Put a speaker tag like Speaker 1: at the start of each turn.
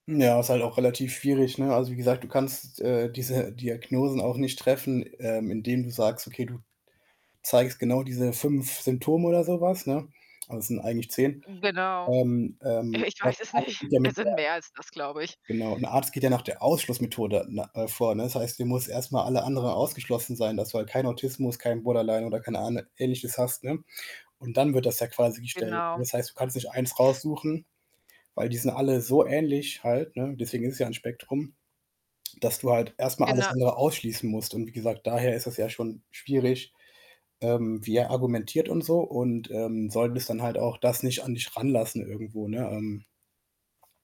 Speaker 1: Ja, ist halt auch relativ schwierig, ne? Also, wie gesagt, du kannst, äh, diese Diagnosen auch nicht treffen, ähm, indem du sagst: „Okay, du zeigst genau diese 5 Symptome“, oder so was, ne? Also, es sind eigentlich 10.
Speaker 2: Genau.
Speaker 1: Ähm, ähm,.
Speaker 2: Ich weiß es nicht. Es sind
Speaker 1: [unintelligible]
Speaker 2: mehr als das, glaube ich.
Speaker 1: Genau. Und der Arzt geht ja nach der Ausschlussmethode ne äh, vor, ne? Das heißt, du muss erst mal alle anderen ausgeschlossen sein, dass du halt kein Autismus, kein Borderline oder kein Ahn Ähnliches hast, ne? Und dann wird das ja quasi gestellt.
Speaker 2: Genau.
Speaker 1: Das heißt, du kannst nicht 1 raussuchen, weil die sind alle so ähnlich halt, ne? Deswegen ist es ja 'n Spektrum, dass du halt erst mal alles
Speaker 2: Gena
Speaker 1: andere ausschließen musst. Und wie gesagt, daher ist es ja schon schwierig, ähm, wie er argumentiert und so. Und, ähm, solltest dann halt auch das nicht an dich ranlassen irgendwo, ne? Ähm.